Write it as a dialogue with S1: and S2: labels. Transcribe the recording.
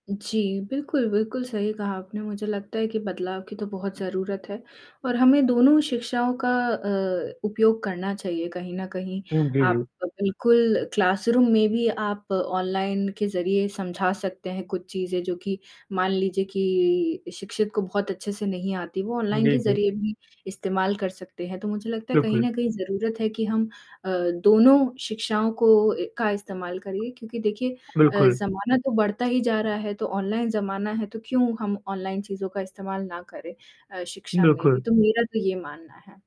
S1: जी, बिल्कुल, बिल्कुल, सही कहा आपने। मुझे लगता है कि बदलाव की तो बहुत ज़रूरत है, और हमें दोनों ही शिक्षाओं का अ, उपयोग करना चाहिए कहीं न कहीं।
S2: हुँ, जी, जी।
S1: आप बिल्कुल क्लासरूम में भी आप ऑनलाइन के ज़रिए समझा सकते हैं कुछ चीज़ें जो कि मान लीजिए कि शिक्षित को बहुत अच्छे से नहीं आती, वो ऑनलाइन
S2: जी,
S1: के
S2: जी।
S1: ज़रिए भी इस्तेमाल कर सकते हैं। तो मुझे लगता है, कहीं
S2: बिल्कुल।
S1: न कहीं, ज़रूरत है कि हम अ, दोनों शिक्षाओं को ए का इस्तेमाल करें, क्योंकि देखिए अ,
S2: बिल्कुल।
S1: ज़माना तो बढ़ता ही जा रहा है। तो ऑनलाइन ज़माना है, तो क्यों हम ऑनलाइन चीज़ों का इस्तेमाल ना करें अ, शिक्षा में भी?
S2: बिल्कुल।
S1: तो मेरा तो ये मानना है।